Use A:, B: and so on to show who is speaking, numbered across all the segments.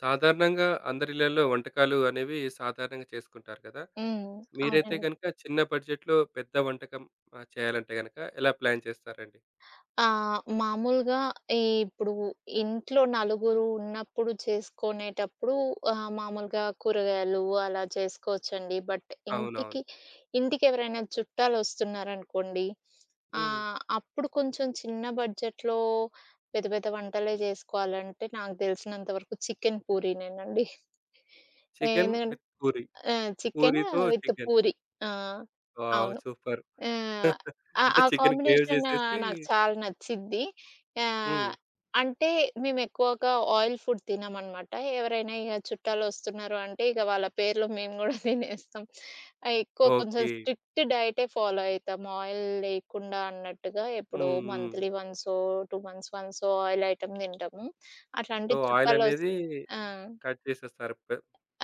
A: సాధారణంగా అందరిళ్లలో వంటకాలు అనేవి సాధారణంగా చేసుకుంటారు కదా!
B: హ్మ్.
A: మీరైతే
B: అవునండి.
A: గనుక చిన్న బడ్జెట్‌లో పెద్ద వంటకం ఆహ్, చేయాలంటే గనుక ఎలా ప్లాన్ చేస్తారండి?
B: ఆ! మామూలుగా ఇప్పుడు ఇంట్లో నలుగురు ఉన్నప్పుడు చేసుకునేటప్పుడు, ఆహ్, మామూలుగా కూరగాయలు అలా చేసుకోవచ్చండి. బట్
A: అవునవును.
B: ఇంటికి ఇంటికెవరైనా చుట్టాలు వస్తున్నారనుకోండి.
A: హ్మ్.
B: ఆహ్, అప్పుడు కొంచెం చిన్న బడ్జెట్‌లో పెద్ద పెద్ద వంటలే చేసుకోవాలంటే, నాకు తెలిసినంత వరకు చికెన్ పూరినేనండి. ఆ!
A: చికెన్
B: ఎందుకంటే
A: విత్ పూరి.
B: ఆ! చికెన్
A: పూరితో
B: విత్
A: చికెన్.
B: పూరి. ఆ!
A: వావ్!
B: అవును.
A: సూపర్.
B: ఆహ్,
A: అంటే
B: ఆ
A: చికెన్ గ్రేవి
B: కాంబినేషన్
A: చేసేసి
B: నాకు చాలా నచ్చిద్ది. ఆహ్,
A: హ్మ్.
B: అంటే మేము ఎక్కువగా ఆయిల్ ఫుడ్ తినమన్నమాట. ఎవరైనా ఇగ చుట్టాలు వస్తున్నారు అంటే, ఇక వాళ్ల పేర్లో మేము కూడా తినేస్తాం. ఎక్కువ కొంచెం
A: ఓకే.
B: స్ట్రిక్ట్ డైటే ఫాలో అయితాం. ఆయిల్ లేకుండా అన్నట్టుగా ఎప్పుడో
A: హ్మ్. హ్మ్.
B: మంత్లీ వన్సో, 2 మంత్స్ వన్సో ఆయిల్ ఐటెమ్ తింటాము. అట్లాంటి
A: సో, ఆయిల్
B: చుట్టాలొస్తే
A: అనేది
B: ఆ!
A: కట్ చేసేస్తారు. పే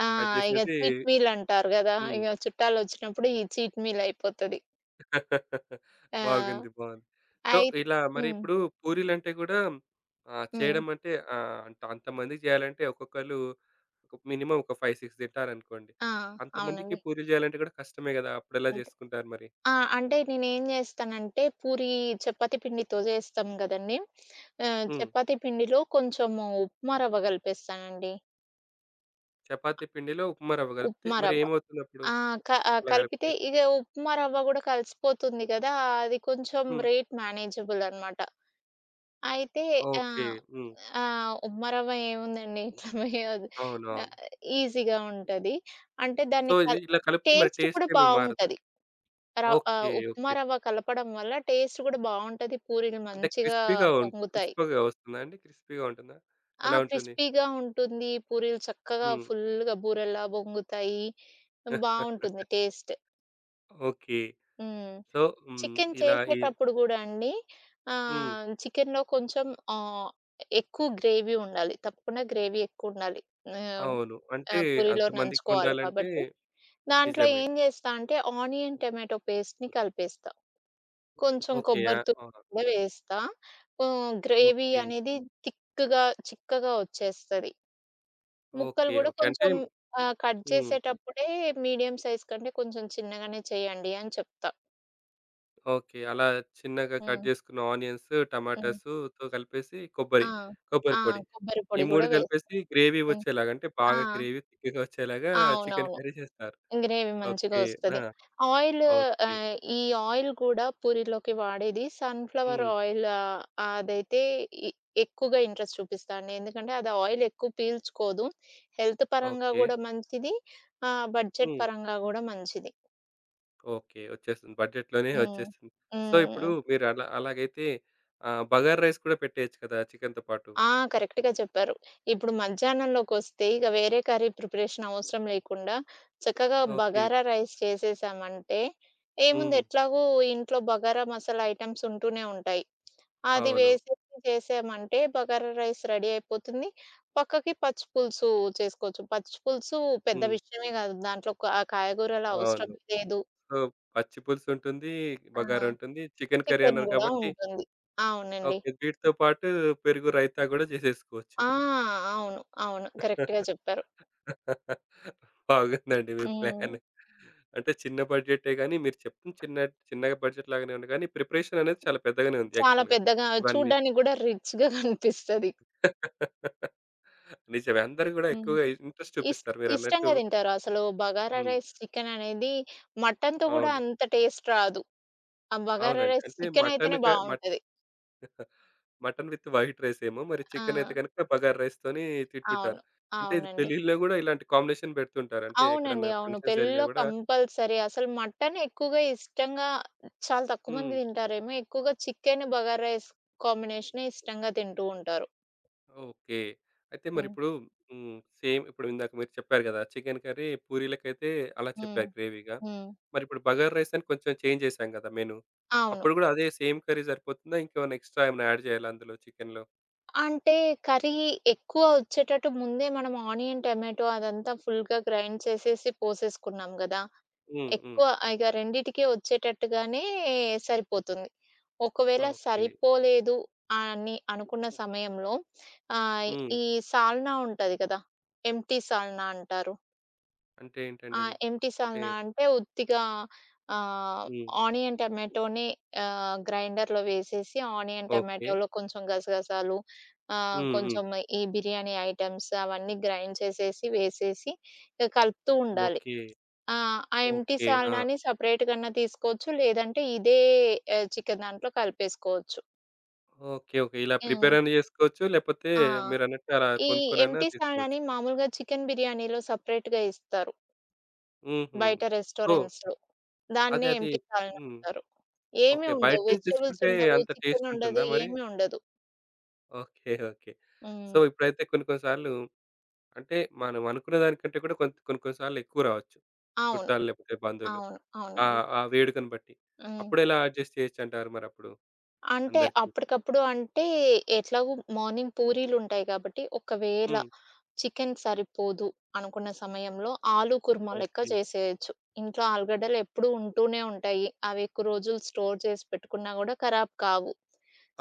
B: ఆ!
A: కట్
B: ఇగ
A: చేసేసి
B: చీట్ మీల్ అంటారు గదా!
A: హ్మ్.
B: ఇగ చుట్టాలు వచ్చినప్పుడు ఈ చీట్ మీల్ అయిపోతది. ఆ!
A: బాగుంది. బావుంది. సో,
B: అయి
A: ఇలా మరి
B: హ్మ్.
A: ఇప్పుడు పూరీలంటే గూడా హ్మ్, ఆహ్,
B: హ్మ్.
A: చేయడమంటే, ఆహ్, అంట అంతమందికి జేయాలంటే ఒక్కొక్కళ్ళు ఒక మినిమమ్ ఒక 5, 6 తింటారనుకోండి.
B: ఆ!
A: అంతమందికి
B: అవునండి.
A: పూరీ జేయాలంటే గూడా కష్టమే గదా! అప్పుడెలా
B: ఓకె.
A: జేసుకుంటారు మరి?
B: ఆ! అంటే నేనేం జేస్తానంటే పూరీ, చపాతీ పిండితో జేస్తాం గదండీ! ఆహ్,
A: హ్మ్.
B: చపాతీ పిండిలో కొంచెము ఉప్మా రవ్వ గలిపేస్తానండి.
A: చపాతీ పిండిలో, ఉప్మా రవ్వగలుపుతే మరి
B: ఉప్మారవ్వ.
A: ఏమవుతుందప్పుడు?
B: ఆహ్, క ఆహ్, కలిపితే
A: అలాగలిపితే.
B: ఇగ ఉప్మా రవ్వ గూడా కలిసిపోతుంది గదా! అది కొంచెం
A: హ్మ్.
B: రేట్ మేనేజబుల్ అనమాట. అయితే
A: ఓకె.
B: ఆహ్,
A: హ్మ్.
B: ఆహ్, ఉప్మారవ్వ ఏముందండి. [unintelligible]
A: అవునవును.
B: ఆహ్, ఈజీగా ఉంటది. అంటే
A: సో,
B: దాన్ని
A: ఇది
B: కల్
A: ఇలా కలిపితే మరి
B: టేస్ట్ కూడా
A: టేస్టేమీ మారదా?
B: బావుంటది. రవ్ ఆహ్,
A: ఓకె.
B: ఉప్మా
A: ఓకె.
B: రవ్వ కలపడం వల్ల, టేస్ట్ గూడా బావుంటది. పూరీలు
A: అంటే
B: మంచిగా
A: క్రిస్పీగా ఉన్,
B: పొంగుతాయి.
A: క్రిస్పగా వస్తుందా అండి? క్రిస్పీగా ఉంటుందా?
B: ఆ!
A: ఎలా ఉంటుంది?
B: క్రిస్పీగా ఉంటుంది. పూరీలు చక్కగా
A: హ్మ్.
B: ఫుల్లుగా బూరల్లా బొంగుతాయి. హ్మ్, బావుంటుంది టేస్ట్.
A: ఓకె.
B: హ్మ్.
A: సో హ్మ్.
B: చికెను
A: ఇలా, ఈ
B: చేసేటప్పుడు గూడా అండి
A: హ్మ్.
B: ఆహ్, చికెనులో కొంచెం ఆహ్, ఎక్కువ గ్రేవీ ఉండాలి. తప్పకుండా గ్రేవీ ఎక్కువుండాలి. ఆహ్.
A: అవును.
B: ఆ!
A: అంటే
B: పూరిలో నంచుకోవాలి
A: అంతమందికొండాలంటే
B: కాబట్టి, దాంట్లో
A: నిజమే.
B: ఏం జేస్తా అంటే ఆనియన్ టొమాటో పేస్ట్‌‌‌‌‌‌‌‌‌‌‌‌ని కలిపేస్తా. కొంచెం
A: ఓకె. ఆ!
B: కొబ్బరితురుము
A: అవును.
B: గూడా వేస్తా. హ్మ్. Gravy
A: okay.
B: అనేది తిక్కుగా, చిక్కగా వచ్చేస్తది. ముక్కలు
A: ఓకె.
B: గూడా
A: ఓకె. అంటే
B: కొంచెం,
A: హ్మ్,
B: ఆహ్, కట్
A: హ్మ్.
B: జేసేటప్పుడే మీడియం సైజ్ కంటే కొంచెం చిన్నగానే చేయండి అని చెప్తా.
A: ఓకే. అలా చిన్నగా కట్
B: హ్మ్.
A: జేసుకున్న ఆనియన్సు,
B: హ్మ్.
A: టమాటాసుతో కలిపేసి
B: ఆ!
A: కొబ్బరి,
B: ఆ!
A: కొబ్బరిపొడి.
B: కొబ్బరి
A: ఈ
B: పొడి
A: 3
B: గూడా వేసి.
A: కలిపేసి, గ్రేవీ
B: హ్మ్.
A: ఒచ్చేలాగా అంటే,
B: ఆ!
A: బాగా గ్రేవీ థిక్‌గా ఒచ్చేలాగా చికెను
B: అవునవును.
A: కర్రీ జేస్తారు.
B: గ్రేవి మంచిగా
A: ఓకే.
B: ఒస్తది.
A: నా
B: ఆయిలు
A: ఓకే.
B: ఆహ్, ఈ ఆయిల్ కూడా పూరిలోకి వాడేది. సన్‌ఫ్లవర్
A: హ్మ్.
B: ఆయిల్ ఆహ్, అదైతే ఇ ఎక్కువగా ఇంట్రెస్ట్ చూపిస్తా అండి. ఎందుకంటే, అది ఆయిలెక్కువ పీల్చుకోదు. హెల్త్ పరంగా
A: ఓకే.
B: గూడా మంచిది. ఆహ్, బడ్జెట్
A: హ్మ్.
B: పరంగా గూడా మంచిది.
A: ఓకే. ఒచ్చేస్తుంది. బడ్జెట్‌లోనే
B: హ్మ్.
A: ఒచ్చేస్తుంది.
B: హ్మ్,
A: సో, ఇప్పుడు
B: హ్మ్.
A: మీరలా అలాగైతే ఆహ్, బగార రైస్ కూడా పెట్టేయొచ్చు కదా! చికెనుతో పాటు.
B: ఆ! కరెక్ట్‌గా చెప్పారు. ఇప్పుడు మధ్యాహ్నంలోకొస్తే ఇక వేరే కర్రీ ప్రిపరేషనవసరం లేకుండా, చక్కగా
A: ఓకే.
B: బగారా రైస్ చేససామంటే ఏముంది?
A: హుహు.
B: ఎట్లాగూ ఇంట్లో బగారా మసాలా ఐటెమ్స్ ఉంటూనే ఉంటాయి. అది
A: అవును.
B: వేసేసి చేసామంటే బగారా రైస్ రెడీ అయిపోతుంది. పక్కకి పచ్చి పులుసు చేసుకోవచ్చు. పచ్చి పులుసు పెద్ద
A: హ్మ్.
B: విషయమే కాదు. దాంట్లో క ఆ కాయగూరలు
A: అవును.
B: అవసరమే లేదు.
A: సో, పచ్చి పులుసుంటుంది,
B: ఆ!
A: బగారుంటుంది. చికెను కర్రీ
B: చికెను
A: అన్నారు
B: గూడా
A: కాబట్టి
B: ఉంటుంది. అవునండి.
A: ఓకే. వీటితో పాటు పెరుగు రైతా గూడా జేసేసుకోవచ్చు.
B: ఆ! అవును. అవును. కరెక్ట్‌గా చెప్పారు.
A: బాగుందండి మీ
B: హ్మ్.
A: ప్లాను. అంటే చిన్న బడ్జెట్టే గానీ మీరు చెప్తుంది, చిన్న చిన్నగా బడ్జెట్‌లాగానే ఉన్న గానీ, ప్రిపరేషననేది చాలా పెద్దగానే ఉంది
B: చాలా
A: యాక్చువల్‌గా.
B: పెద్దగా,
A: ఇవన్నీ.
B: చూడ్డానికి గూడా రిచ్‌గా కనిపిస్తది.
A: నిజమే. అందరూ గూడా
B: హ్మ్.
A: ఎక్కువగా ఇంట్రెస్ట్
B: ఇస్
A: చూపిస్తారు మీరన్నట్టు.
B: ఇష్టంగా తింటారు. అసలు బగారా
A: హ్మ్.
B: రైస్ చికెననేది మటనుతో కూడా
A: అవును.
B: అంత టేస్ట్ రాదు. ఆ బగారా
A: అవునండి.
B: రైస్
A: అంటే మటను
B: చికెనైతేనే
A: క మట్
B: బావుంటది.
A: మటను విత్ వైట్ రైసేమో! మరి చికెనయితే
B: ఆ!
A: గనక బగార రైస్‌తోని
B: అవును.
A: తిట్టుుంటారు. అంటే ఇది
B: అవునండి.
A: పెళ్ళిల్లో గూడా ఇలాంటి కాంబినేషన్ బెడుతుంటారు. అంటే
B: అవునండి.
A: ఎక్కడన్నా
B: అవును.
A: ఫంక్షన్స్ జరిగినా
B: పెళ్ళిల్లో
A: గూడా
B: కంపల్సరీ. అసలు మటను ఎక్కువగా ఇష్టంగా చాలా తక్కువమంది
A: హ్మ్.
B: తింటారేమో! ఎక్కువగా చికెను, బగార్ రైస్ కాంబినేషనే ఇష్టంగా తింటూ ఉంటారు.
A: ఓకే. అయితే
B: హ్మ్.
A: మరిప్పుడు హ్మ్. సేమ్ ఇప్పుడు ఇందాక మీరు చెప్పారు గదా! చికెను కర్రీ పూరీలకైతే అలా
B: హ్మ్.
A: చెప్పారు గ్రేవీగా.
B: హ్మ్.
A: మరిప్పుడు బగార్ రైసని కొంచెం చేంజ్ చేసాం గదా! మెను.
B: అవును.
A: అప్పుడు కూడా అదే సేమ్ కర్రీ సరిపోతుందా? ఇంకేమన్నా ఎక్స్ స్ట్రా ఏమ‌న్నా యాడ్ చేయాలా అందులో చికెనులో?
B: అంటే, కర్రీ ఎక్కువ ఒచ్చేటట్టు, ముందే మనం ఆనియన్ టొమాటో అదంతా ఫుల్‌గా గ్రైండ్ చేసేసి పోసేసుకున్నాం గదా!
A: హ్మ్. హ్మ్.
B: ఎక్కువ ఇగ రెండిటికిే వచ్చేటట్టుగానే సరిపోతుంది. ఒకవేళ
A: ఓకె.
B: సరిపోలేదు అని అనుకున్న సమయంలో, ఆహ్,
A: హ్మ్.
B: ఈ సాల్నా ఉంటది కదా! ఎంప్టి సాల్నా అంటారు?
A: అంటే ఏంటండి
B: ఆ!
A: అది?
B: ఎంప్టి
A: అంటే
B: సాల్నా అంటే ఉత్తిగా, ఆహ్,
A: హ్మ్.
B: ఆనియన్ టొమాటోనే ఆహ్, గ్రైండర్‌లో వేసేసి, ఆనియన్
A: ఓకె.
B: టమాటోలో కొంచెం గసగసాలు ఆహ్,
A: హ్మ్. హ్మ్.
B: కొంచెం ఈ బిర్యానీ ఐటమ్స్ అవన్నీ గ్రైండ్ చేసేసి, వేసేసి, ఇక కలుపుతూ ఉండాలి.
A: ఓకె.
B: ఆ! ఆ ఎంప్టి
A: ఓకె. ఆ!
B: సాల్నాని సెపరేట్ గన్నా తీసుకోవచ్చు. లేదంటే ఇదే ఆహ్, చికెను దాంట్లో కలిపేసుకోవచ్చు.
A: ఓకె. ఓకె. ఇలా
B: హ్మ్.
A: ప్రిపేరన్న జేసుకోవచ్చు. లేకపోతే
B: ఆ!
A: మీరన్నట్టు అలా
B: ఈ
A: కొనుక్కొనైనా
B: ఎంప్టి
A: తీసుకోవచ్చు.
B: సాల్నాని మామూలుగా చికెను బిర్యానీలో సపరేట్‌గా ఇస్తారు.
A: హుహు.
B: బయట
A: ఓహ్!
B: రెస్టారెంట్స్‌లో. దాన్నే
A: అదదే.
B: ఎంప్టి సాల్నా
A: హ్మ్.
B: అంటారు. ఏమీ
A: ఓకె. బయట
B: ఉండవు.
A: నుంచి
B: వెజిటబుల్స్
A: తెచ్చుకుంటే
B: ఉండవు.
A: అంత
B: చికెను
A: టేస్ట్
B: ఉండదు.
A: ఉంటుందా మరి?
B: ఏమీ ఉండదు.
A: ఓకె. ఓకె. సో,
B: హ్మ్.
A: ఇప్పుడైతే కొన్ని కొన్ని సార్లు, అంటే మనం అనుకున్న దానికంటే కూడా, కొంత్ కొన్ని, కొన్ని సార్లు ఎక్కువ రావచ్చు,
B: అవును.
A: చుట్టాలు లేపోతే బంధువులు.
B: అవును.
A: ఆ!
B: అవునండి.
A: ఆ వేడుకను బట్టి.
B: హ్మ్.
A: అప్పుడు ఎలా అడ్జస్ట్ చేయొచ్చంటారు మరప్పుడు?
B: అంటే,
A: అందరికి.
B: అప్పటికప్పుడు అంటే, ఎట్లాగు మార్నింగ్ పూరీలుంటాయి గాబట్టి, ఒకవేళ
A: హ్మ్.
B: చికెను సరిపోదు అనుకున్న సమయంలో, ఆలు కూర్మ లెక్క
A: ఓకె.
B: చేసేయొచ్చు. ఇంట్లో ఆలుగడ్డలు ఎప్పుడూ ఉంటూనే ఉంటాయి. అవి ఎక్కు రోజులు స్టోర్ చేసి పెట్టుకున్నా గూడా ఖరాబ్ కావు.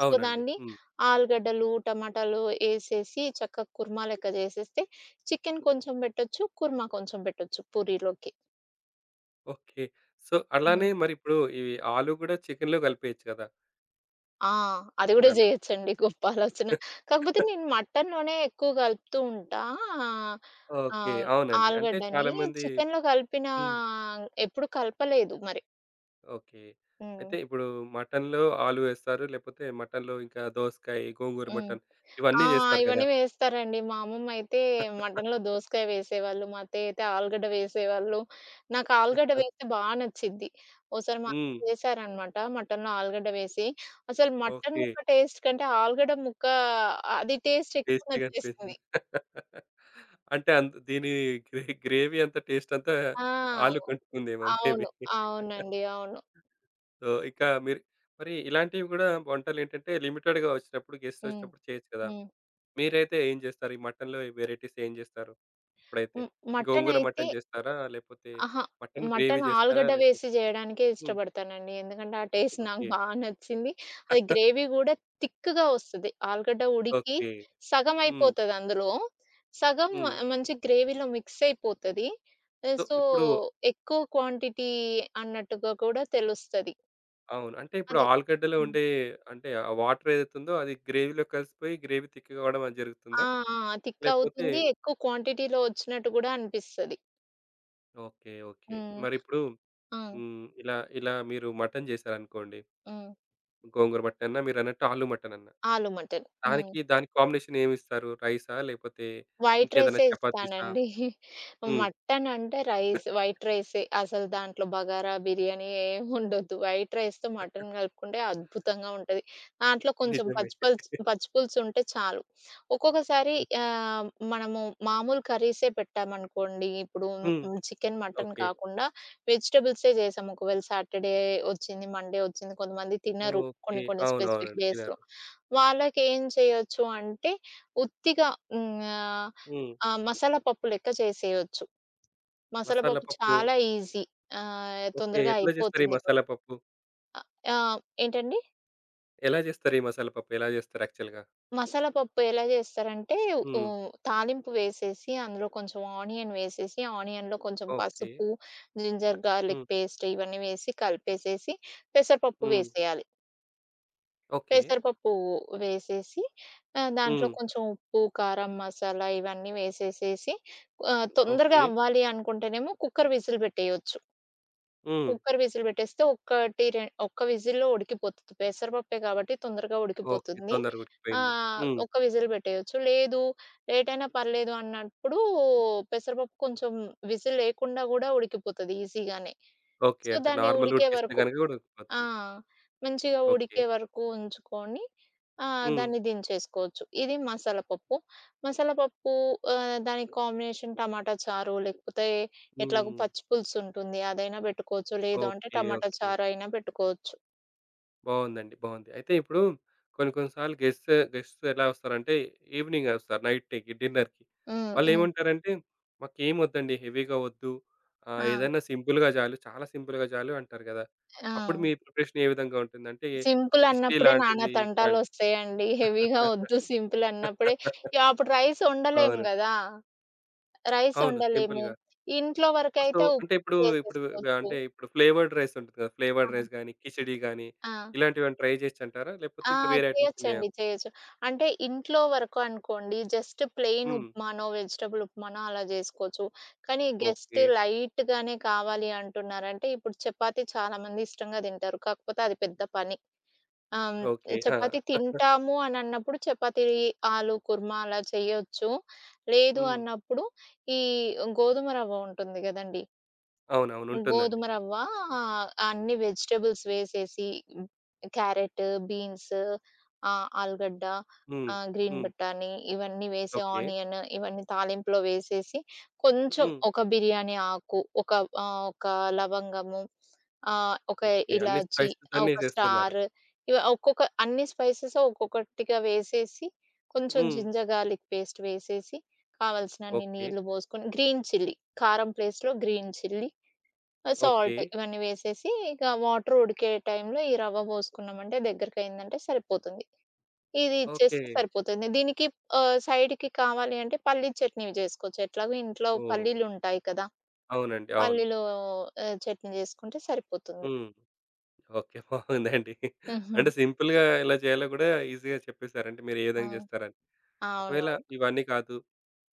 B: సో,
A: అవునండి.
B: దాన్ని
A: హ్మ్.
B: ఆలుగడ్డలు, టమాటాలు, యేసేసి చెక్క కుర్మా లెక్క జేసేస్తే, చికెను కొంచెం బెట్టొచ్చు, కుర్మా కొంచెం బెట్టొచ్చు పూరీలోకి.
A: ఓకే. సో, అలానే
B: హ్మ్.
A: మరి ఇప్పుడు ఇవి ఆలూ గూడా చికెనులో కలిపేయొచ్చు కదా!
B: ఆ! అది గూడా
A: మీరన్నట్టు.
B: జేయొచ్చండి. గొప్ప ఆలోచన. కాకపోతే నేను మటనులోనే ఎక్కువ కలుపుతుంటా.
A: ఓకే.
B: ఆహ్,
A: అవునండి. అంటే
B: ఆలుగడ్డని
A: చాలామంది
B: చికెనులో కలిపినా
A: హ్మ్.
B: ఎప్పుడు కలపలేదు మరి.
A: ఓకే.
B: హ్మ్.
A: అయితే ఇప్పుడు మటనులో ఆలూ వేస్తారు. లేపోతే, మటనులో ఇంకా దోసకాయ, గోంగూర
B: హ్మ్.
A: మటను
B: ఆ!
A: ఇవన్నీ జేస్తారు కదా!
B: ఇవన్నీ వేస్తారండి. మా అమ్మమ్మ అయితే మటనులో దోసకాయ వేసేవాళ్ళు. మా అత్తయ్య అయితే ఆలుగడ్డ వేసేవాళ్ళు. నాకు ఆలుగడ్డ వేస్తే బా నచ్చిద్ది. ఒసారి మా
A: హ్మ్.
B: వేశారనమాట. మటనులో ఆలుగడ్డ వేసి. అసలు మటను
A: ఓకే.
B: ముక్క టేస్ట్ కంటే, ఆలుగడ్డ ముక్క అది టేస్ట్ ఎక్కువ నచ్చేసింది.
A: టేస్టీగనిపించింది. అంటే అంత్ దీని గ్రే గ్రేవీ అంతా టేస్ట్ అంతా,
B: ఆ!
A: ఆలూ కంటుకుందేమో మే బీ.
B: అవును. అవునండి. అవును.
A: సో, ఇకా మీరు మరి ఇలాంటివి గూడా వంటలేంటంటే, లిమిటెడ్‌గా ఒచ్చినప్పుడు గెస్ట్
B: హ్మ్.
A: ఒచ్చినప్పుడు చేయొచ్చు కదా!
B: హ్మ్.
A: మీరైతే ఏం జేస్తారు? ఈ మటనులో వెరైటీస్ ఏం చేస్తారు? ఇప్పుడైతే
B: హ్మ్.
A: గోంగూర
B: మటనయితే
A: మటను జేస్తారా? లేపోతే
B: అహా!
A: మటను గ్రేవీ
B: మటను
A: జేస్తారా?
B: ఆలుగడ్డ
A: లేపోతే
B: వేసి చేయడానికే
A: హ్మ్.
B: ఇష్టపడతానండి. ఎందుకంటే, ఆ టేస్ట్ నాకు
A: ఓకే.
B: బా నచ్చింది. అది గ్రేవీ కూడా తిక్‌గా ఒస్తది. ఆలుగడ్డ ఉడికి,
A: ఓకే. హ్మ్.
B: సగమైపోతది అందులో. సగం మ
A: హ్మ్.
B: మంచి గ్రేవీలో మిక్స్ అయిపోతది.
A: సో,
B: సో,
A: ఇప్పుడు
B: ఎక్కువ క్వాంటిటీ అన్నట్టుగా కూడా తెలుస్తది.
A: అవును. అంటే ఇప్పుడు
B: అది.
A: ఆలుగడ్డలో
B: హ్మ్.
A: ఉండే అంటే ఆ వాటరేదైతుందో అది గ్రేవీలో కలిసిపోయి గ్రేవీ థిక్కుగా అవడం అది జరుగుతుందా?
B: ఆ! ఆ! థిక్
A: లేకపోతే
B: అవుతుంది. ఎక్కువ క్వాంటిటీలో వచ్చినట్టు గూడా అనిపిస్తది.
A: ఓకే. ఓకే.
B: హ్మ్.
A: మరి ఇప్పుడు
B: ఆ!
A: హ్మ్, ఇలా ఇలా మీరు మటను చేశారనుకోండి.
B: హ్మ్.
A: గోంగూర మటనన్నా, మీరన్నట్టు ఆలు మటనన్నా?
B: ఆలుమటను. హ్మ్.
A: దానికి దానికి కాంబినేషన్ ఏమిస్తారు? రైసా? లేకపోతే?
B: వైట్
A: ఇంకేదైనా
B: రైసే
A: చపాతీసా?
B: ఇస్తానండి.
A: హ్మ్.
B: మటను అంటే రైస్ వైట్ రైసే అసలు దాంట్లో బగారా, బిర్యానీ ఏముండొద్దు. వైట్ రైస్‌తో మటను గలుపుకుంటే అద్భుతంగా ఉంటది. దాంట్లో కొంచెం
A: నిజమే.
B: పచ్చిపల్స్ పచ్చిపులుసుంటే చాలు. ఒక్కొక్కసారి
A: హ్మ్.
B: ఆహ్, మనము మామూలు కర్రీసే పెట్టామనుకోండి, ఇప్పుడు
A: హ్మ్.
B: హ్మ్, చికెను, మటను
A: ఓకే.
B: కాకుండా వెజిటబుల్సే చేసాం. ఒకవేళ సాటర్‌డే వచ్చింది, మన్‌డే వచ్చింది. కొంతమంది తినరు,
A: ఓకే.
B: కొన్ని కొన్ని
A: అవును.
B: స్పెసిఫిక్
A: అవునండి.
B: డేస్‌లో.
A: తినరు.
B: వాళ్ళకేం చేయొచ్చు అంటే ఉత్తిగా హ్మ్, ఆహ్,
A: హ్మ్.
B: ఆ! మసాలా పప్పు లెక్క చేసేయొచ్చు.
A: మసాలా
B: మసాలాపప్పు
A: పప్పు.
B: చాలా ఈజీ. ఆహ్,
A: ఓకే.
B: తొందరగా
A: ఎట్లా చేస్తారు ఈ
B: అయిపోతుంది కూడా.
A: మసాలా పప్పు?
B: ఆహ్, ఏంటండి?
A: ఎలా జేస్తరు ఈ మసాలా పప్పు ఎలా జేస్తరు యాక్చువల్‌గా?
B: మసాలాపప్పు ఎలా జేస్తారంటే ఉ
A: హ్మ్.
B: తాలింపు వేసేసి అందులో కొంచెం ఆనియన్ వేసేసి ఆనియన్‌లో కొంచెం
A: ఓకే.
B: పసుపు, జింజర్ గార్‌లిక్
A: హ్మ్.
B: పేస్ట్ ఇవన్నీ వేసి కలిపేసేసి పెసరపప్పు
A: హ్మ్.
B: వేసేయాలి.
A: ఓకే.
B: పెసరపప్పు వేసేసి ఆహ్, దాంట్లో
A: హ్మ్.
B: కొంచెం ఉప్పు, కారం మసాలా ఇవన్నీ వేసేసేసి ఆహ్, తొందరగా
A: ఓకే.
B: అవ్వాలి అనుకుంటేనేమో కుక్కర్ విజిల్ పెట్టేయొచ్చు.
A: హ్మ్.
B: కుక్కర్ విజిల్ పెట్టేస్తే ఒక్కటి రెం ఒక్క విజిల్‌లో ఉడికిపోతది. పెసరపప్పే కాబట్టి తొందరగా
A: ఓకే.
B: ఉడికిపోతుంది.
A: తొందరగా ఉడికిపోయింది.
B: ఆహ్,
A: హ్మ్.
B: ఒక్క విజిల్ బెట్టేయొచ్చు. లేదు లేటైనా పర్లేదు అన్నప్పుడు పెసరపప్పు కొంచెం విజిల్ లేకుండా గూడా ఉడికిపోతది ఈజీగానే.
A: ఓకే.
B: సో,
A: అంటే
B: దాని
A: నార్మల్
B: ఉడికే
A: ఉడికిస్తే
B: వరకు,
A: గనక గూడా
B: ఆ!
A: ఉడికిపోతుంది.
B: మంచిగా
A: ఓకే.
B: ఉడికే వరకు ఉంచుకొని. ఆ!
A: హ్మ్.
B: దాన్ని దించేసుకోవచ్చు. ఇది మసాలాపప్పు. మసాలాపప్పు ఆహ్, దానికి కాంబినేషన్ టమాటా చారు లేకపోతే ఎట్లాగో
A: హ్మ్.
B: పచ్చి పులుసుంటుంది అదైనా బెట్టుకోవచ్చు లేదు అంటే
A: ఓకే.
B: టమాటా
A: ఓకే.
B: చారైనా బెట్టుకోవచ్చు.
A: బావుందండి. బావుంది. అయితే ఇప్పుడు కొన్ని కొన్ని సార్లు గెస్ట్ గెస్ట్స్ ఎలా వస్తారంటే ఈవినింగ్ ఒస్తారు నైటేకి డిన్నర్‌కి.
B: హ్మ్.
A: వాళ్ళు
B: హ్మ్.
A: ఏమంటారంటే మాకేమొద్దండి హెవీగా వద్దు? ఆహ్,
B: ఆ!
A: ఏదన్నా సింపుల్‌గా చాలు చాలా సింపుల్‌గా జాలు అంటారు కదా! అప్పుడు
B: ఆ!
A: మీ ప్రిపరేషన్ ఏ విధంగా ఉంటుందంటే కిచిడి
B: సింపులన్నప్పుడే నానా
A: లాంటిది
B: తంటాలు
A: ఇట్లాంట
B: వస్తాయండి. హెవీగా వద్దు సింపుల్ అన్నప్పుడే ఇగ అప్పుడు రైస్ ఒండలేము
A: అవును.
B: గదా! రైస్
A: అవును.
B: ఒండలేము.
A: సింపుల్‌గా.
B: ఇంట్లో
A: సో,
B: వరకైతే ఉ
A: అంటే ఇప్పుడు ఇప్పుడు ఆహ్,
B: చేసేసుకోవచ్చు.
A: అంటే ఇప్పుడు ఫ్లేవర్డ్ రైస్ ఉంటుది గదా! ఫ్లేవర్డ్
B: ఆ!
A: రైస్ గానీ, కిచిడీ గాని.
B: ఆ!
A: ఇలాంటివేవన్నా ట్రై జేయొచ్చంటారా? లేకపోతే
B: ఆ!
A: ఇంకా వేరే ఐటెమ్స్ ఉన్నాయా?
B: చేయొచ్చండి చేయొచ్చు. అంటే ఇంట్లో వరకు అనుకోండి, జస్ట్ ప్లెయిన్
A: హ్మ్.
B: ఉప్మానో, వెజిటబుల్ ఉప్మానో అలా జేసుకోవచ్చు. కానీ గెస్ట్
A: ఓకే.
B: లైట్‌గానే కావాలి అంటున్నారంటే ఇప్పుడు చపాతీ చాలామంది ఇష్టంగా తింటారు. కాకపోతే అది పెద్ద పని. అం,
A: ఓకే. ఆ!
B: చపాతీ తింటాము అనిన్నప్పుడు చపాతీ ఆలు కుర్మ అలా చెయొచ్చు. లేదు
A: హ్మ్.
B: అన్నప్పుడు ఈ గోధుమ రవ్వ ఉంటుంది గదండీ!
A: అవునవును ఉంటుందండి.
B: గోధుమరవ్వ ఆహ్, అన్నీ వెజిటబుల్స్ వేసేసి హ్మ్, క్యారెట్, బీన్స్. ఆహ్, ఆలుగడ్డ.
A: హ్మ్.
B: ఆహ్, గ్రీన్
A: హ్మ్.
B: బటానీ ఇవన్నీ వేసి
A: ఓకే.
B: ఆనియన్ ఇవన్నీ తాలింపులో వేసేసి కొంచెం
A: హ్మ్.
B: ఒక బిర్యానీ ఆకు ఒక ఆహ్, ఒక లవంగము. ఆహ్, ఒక
A: ఓకే. అన్నీ
B: ఇలాచీ
A: స్పైసీ
B: ఆ
A: గానే
B: ఒక
A: చేస్తున్నారు.
B: స్టార్. ఇవ ఒక్కొక్క అన్ని స్పైసెస్ ఒక్కొక్కటిగా వేసేసి. కొంచెం
A: హ్మ్.
B: జింజర్ గార్‌లిక్ పేస్ట్ వేసేసి. కావాల్సినన్ని
A: ఓకే.
B: నీళ్లు బోసుకొని గ్రీన్ చిల్లీ కారం ప్లేస్ట్‌లో గ్రీన్ చిల్లీ. ఆహ్,
A: ఓకే.
B: సాల్ట్ ఇవన్నీ వేసేసి ఇక వాటర్ ఉడికే టైం‌లో ఈ రవ్వ పోసుకున్నామంటే దగ్గరకైందంటే సరిపోతుంది. ఇది ఇచ్చేస్తే
A: ఓకే.
B: సరిపోతుంది. దీనికి ఆహ్, సైడ్‌కి కావాలి అంటే పల్లీ చట్నీవి చేసుకోవచ్చు. ఎట్లాగో ఇంట్లో
A: ఓహ్!
B: పల్లీలు ఉంటాయి కదా!
A: అవునండి. అవును.
B: పల్లెలు ఆహ్, చట్నీ జేసుకుంటే సరిపోతుంది.
A: హ్మ్. ఓకే. బావుందండి. అంటే
B: హుహు.
A: సింపుల్‌గా ఇలా చేయాలో గూడా ఈజీగా చెప్పేసారంటే, మీరు ఏ
B: ఆ!
A: విధంగా జేస్తారని? ఒకవేళ
B: అవునవును.
A: ఇవన్నీ కాదు.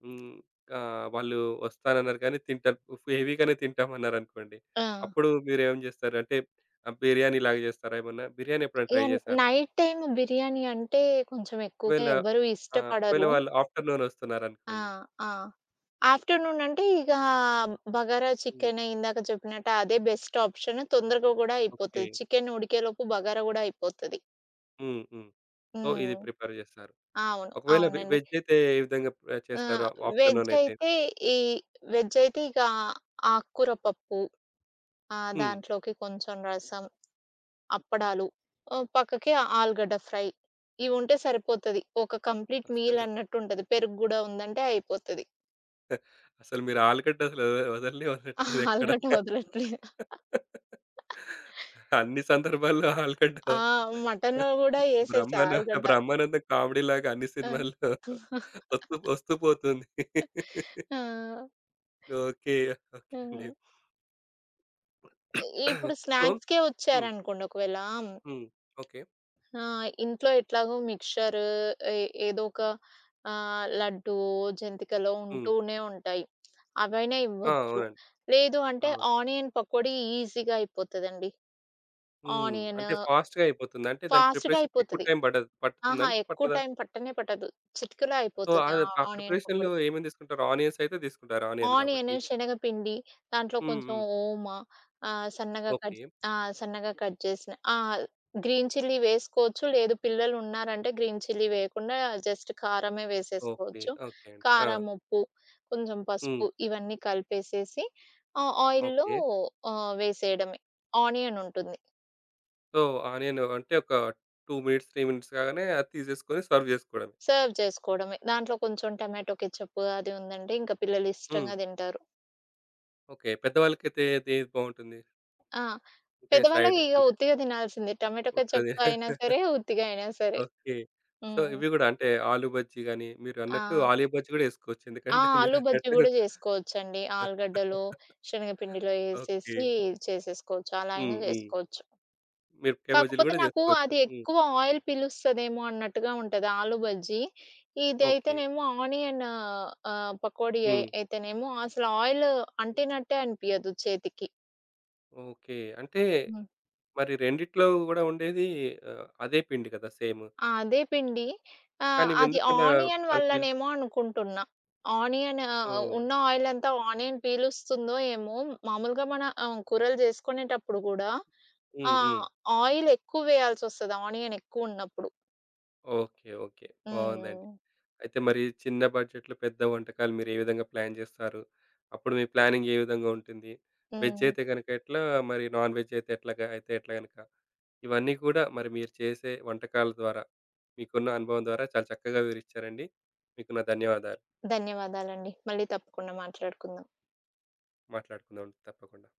A: హ్మ్. ఆహ్, వాళ్ళు వస్తానన్నారు కానీ తింటా హెవీగానే తింటామన్నారనుకోండి.
B: ఆ!
A: అప్పుడు మీరేం జేస్తారంటే ఆ బిర్యానీలాగా జేస్తారా ఏమన్నా? బిర్యానీ ఎప్పుడైనా
B: ఇగ
A: ట్రై
B: న్
A: జేశారా?
B: నైట్ టైమ్ బిర్యానీ అంటే కొంచెం ఎక్కువగా
A: ఒకవేళ
B: ఎవ్వరు
A: ఆ! ఒకవేళ
B: ఇష్టపడరు.
A: వాళ్ళు ఆఫ్టర్‌నూన్
B: ఆ!
A: వస్తున్నారనుకోండి.
B: ఆ! ఆఫ్టర్‌నూన్ అంటే ఇగా బగార
A: హ్మ్.
B: చికెన్ ఇందాక చెప్పినట్టు అదే బెస్ట్ ఆప్షన్ తొందరగా గూడా
A: ఓకే.
B: అయిపోతది. చికెన్ ఉడికేలోపు బగారా గూడా అయిపోతది.
A: హ్మ్. హ్మ్. సో, ఇది
B: హ్మ్.
A: ప్రిపేర్ చేస్తారు.
B: అవును.
A: ఒకవేళ వె
B: అవునండి.
A: వెజ్జయితే ఏ విధంగా ప్
B: ఆ!
A: చేస్తారు ఆఫ్టర్‌నూనయితే?
B: వెజ్జయితే ఈ వెజ్జయితే ఇకా ఆకు కూర పప్పు. ఆహ్,
A: హ్మ్.
B: దాంట్లోకి కొంచెం రసం. అప్పడాలు. ఓ పక్కకి ఆలుగడ్డ ఫ్రై. ఇవి ఉంటే సరిపోతది. ఒక కంప్లీట్
A: వస్తలేవు.
B: మీలన్నట్టుంటది. పెరుగు గూడా ఉందంటే అయిపోతది.
A: అసలు మీరు ఆలుగడ్డ అసలు వదల్నే
B: ఆ
A: వదట్లేదు ఎక్కడ.
B: ఆలుగడ్డ వదలట్లేదు.
A: అన్ని సందర్భాల్లో ఆలుగడ్డ
B: ఆ! మటనులో గూడాయేసేస
A: బ్రహ్మాన
B: ఆలుగడ్డ.
A: బ్రహ్మానందం కామెడీ‌లాగా అన్ని
B: ఆ!
A: సినిమాల్లో ఒత్తు ఒస్తూ పోతుంది.
B: ఆ!
A: ఓకే. ఓకే అండి.
B: హుహు. ఇ ఇప్పుడు
A: సో
B: స్నాక్స్‌కే
A: హ్మ్.
B: ఒచ్చారనుకోండి ఒకవేళా. హ్మ్
A: హ్మ్. ఓకే.
B: ఆ! ఇంట్లో ఎట్లాగో మిక్చరు ఏ ఏదోక ఆహ్, లడ్డు, జంతికలో
A: హ్మ్.
B: ఉంటూనే ఉంటాయి. అవైనా
A: ఆ!
B: ఇవ్వచ్చు.
A: అవునండి.
B: లేదు అంటే
A: అవును.
B: ఆనియన్ పకోడీ ఈజీగా అయిపోతదండి.
A: హ్మ్.
B: ఆనియను
A: అంటే ఫాస్ట్‌గా అయిపోతుంది. అంటే దాని
B: ఫాస్ట్‌గా
A: ప్రిపరేషన్‌కి ఎక్కువ
B: అయిపోతది.
A: టైం బడదు పట్టుతుందా
B: అహా!
A: అండి?
B: ఎక్కువ
A: పట్టదా?
B: టైం పట్టనే పట్టదు. చిటికలో
A: సో,
B: అయిపోతది.
A: ఆద్
B: ఆ
A: ఆ
B: ఆనియన్
A: ప్రిపరేషన్‌లో
B: పకోడి.
A: ఏమేమి తీసుకుంటారు ఆనియన్స్ అయితే తీసుకుంటారు. ఆనియన్
B: ఆనియను,
A: కాబట్టి.
B: శనగపిండి, దాంట్లో
A: హ్మ్.
B: కొంచెం
A: హ్మ్.
B: ఓమ ఆహ్, సన్నగా కట్
A: ఓకే.
B: ఆ! సన్నగా కట్ చేసిన ఆహ్, గ్రీన్ చిల్లీ వేసుకోవచ్చు. లేదు పిల్లలు ఉన్నారంటే గ్రీన్ చిల్లీ వేయకుండా జస్ట్ కారమే
A: ఓకే.
B: వేసేసుకోవచ్చు.
A: ఓకే అండి. ఆ!
B: కారం, ఉప్పు, కొంచెం పసుపు
A: హ్మ్.
B: ఇవన్నీ కలిపేసేసి ఆహ్, ఆయిల్‌లో
A: ఓకే.
B: ఆహ్, వేసేయడమే. ఆనియనుంటుంది.
A: సో, ఆ! నేను అంటే ఒక 2 మినిట్స్, 3 మినిట్స్ కాగానే అది తీసేసుకొని సర్వ్ చేసుకోవడమే.
B: సర్వ్ చేసుకోవడమే. దాంట్లో కొంచెం టమాటో కేచేపు అది ఉందంటే ఇంక పిల్లలు
A: హ్మ్.
B: ఇష్టంగా తింటారు.
A: ఓకే. పెద్దవాళ్ళకైతే అదే ఏది బావుంటుంది?
B: ఆ!
A: అంటే
B: పెద్దవాళ్ళు
A: సైడ్
B: ఇగ
A: అంటే
B: ఉతిగా తినాల్సిందే. టమాటో
A: ఉత్తదే.
B: కేచెప్ అయినా సరే ఉత్తిగా అయినా సరే.
A: ఓకే. సో,
B: హ్మ్.
A: ఇవి గూడా, అంటే ఆలూ బజ్జీ గాని, మీరు అన్నట్టు
B: ఆ!
A: ఆలూ బజ్జీ గూడా ఏసుకోవచ్చు.
B: ఆ!
A: ఎందుకంటే.
B: ఆలూ బజ్జీ
A: మీరన్నట్టు
B: గూడా చేసుకోవచ్చండి. ఆలుగడ్డలు శనగపిండిలో
A: ఓకే.
B: ఎసేసి చేసేసుకోవచ్చు. అలైయినా
A: హ్మ్. హ్మ్.
B: చేసుకోవచ్చు.
A: మీరపకాయి బజ్జీలు
B: కాకపోతే
A: గూడా
B: నాకు
A: జేసుకోవచ్చు.
B: అది
A: హ్మ్.
B: ఎక్కువ ఆయిల్ పిలుస్తదేమో అన్నట్టుగా ఉంటది ఆలూ బజ్జీ.
A: ఓకే.
B: ఇదైతేనేమో ఆనియన్ ఆహ్, పకోడీ అయి
A: హ్మ్.
B: అయితేనేమో అసలు ఆయిల్ అంటినట్టే అనిపియదు చేతికి.
A: ఓకే. అంటే,
B: హ్మ్.
A: మరి రెండిట్లో గూడా ఉండేది ఆహ్, అదే పిండి కదా! సేము.
B: ఆ! అదే పిండి. ఆహ్,
A: కానీ
B: అది
A: ఎందుకలా
B: ఆనియన్
A: వెందుకలా అది పిల్
B: వల్లనేమో అనుకుంటున్నా. ఆనియన్ ఆహ్,
A: సో,
B: ఉన్న ఆయిలంతా ఆనియన్ పీలుస్తుందో, ఏమో మామూలుగా మన ఆహ్, కూరలు జేసుకునేటప్పుడు గూడా
A: హ్మ్. హ్మ్.
B: ఆహ్, ఆయిల్ ఎక్కువ వేయాల్సి‌సోస్తది ఆనియన్ ఎక్కువ ఉన్నప్పుడు.
A: ఓకే. ఓకే. బావుందండి.
B: హ్మ్.
A: అయితే మరి చిన్న బడ్జెట్‌లో పెద్ద వంటకాలు మీరు ఏ విధంగా ప్లాన్ జేస్తారు, అప్పుడు మీ ప్లానింగ్ ఏ విధంగా ఉంటుంది. వెజ్
B: హ్మ్.
A: అయితే గనక ఎట్లా మరి నాన్ వెజ్ అయితే ఎట్లాగా అయితే ఎట్లా గనక ఇవన్నీ కూడా మరి మీరు చేసే వంటకాల ద్వారా, మీకున్న అనుభవం ద్వారా, చాలా చక్కగా వివరించారండి. మీకు నా ధన్యవాదాలు.
B: ధన్యవాదాలండి. మళ్ళీ తప్పకుండా మాట్లాడుకుందాం.
A: మాట్లాడుకుందాం అండి. తప్పకుండా.